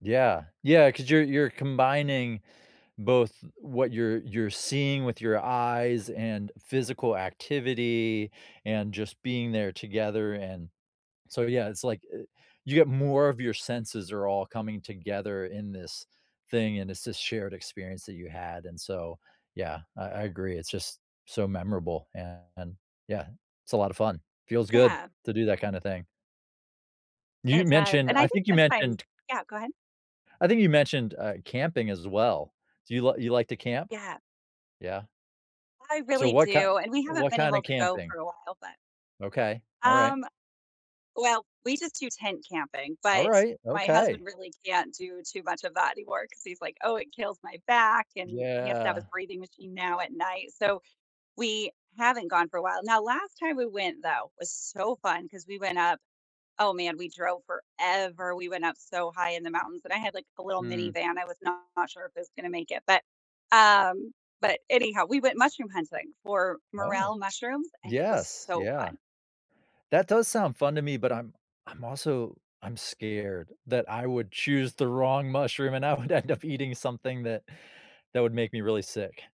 Yeah, yeah, 'cause you're you're combining, both what you're you're seeing with your eyes and physical activity and just being there together, and so, yeah, it's, like, eh, you get more of your senses are all coming together in this thing, and it's this shared experience that you had, and so, yeah, I I agree. It's just, so memorable, and, yeah, it's a lot of fun. Feels good Yeah. to do that kinda thing. You It does, mentioned, and I I think think you sometimes mentioned yeah, go ahead. I think you mentioned, uh, camping as well, do you you like to camp? Yeah. Yeah. I So really what kind do, and we haven't what been kinda able to go camping? for a while, but Okay. Alright. Um, well, we just do tent camping, but Alright, my husband okay. really can't do too much of that anymore 'cause he's like, "Oh, it kills my back," and he has to have his Yeah. breathing machine now at night, so, we haven't gone for a while, now last time we went, though, was so fun, 'cause we went up Oh, man, we drove forever, we went up so high in the mountains, and I had, like, a little Mm. minivan. I was not sure if it was gonna make it, but, um, but anyhow, we went mushroom hunting for Oh, morel mushrooms, and it was yes. so Yeah. fun. That does sound fun to me, but, I'm I'm also I'm scared that I would choose the wrong mushroom, and I would end up eating something that that would make me really sick.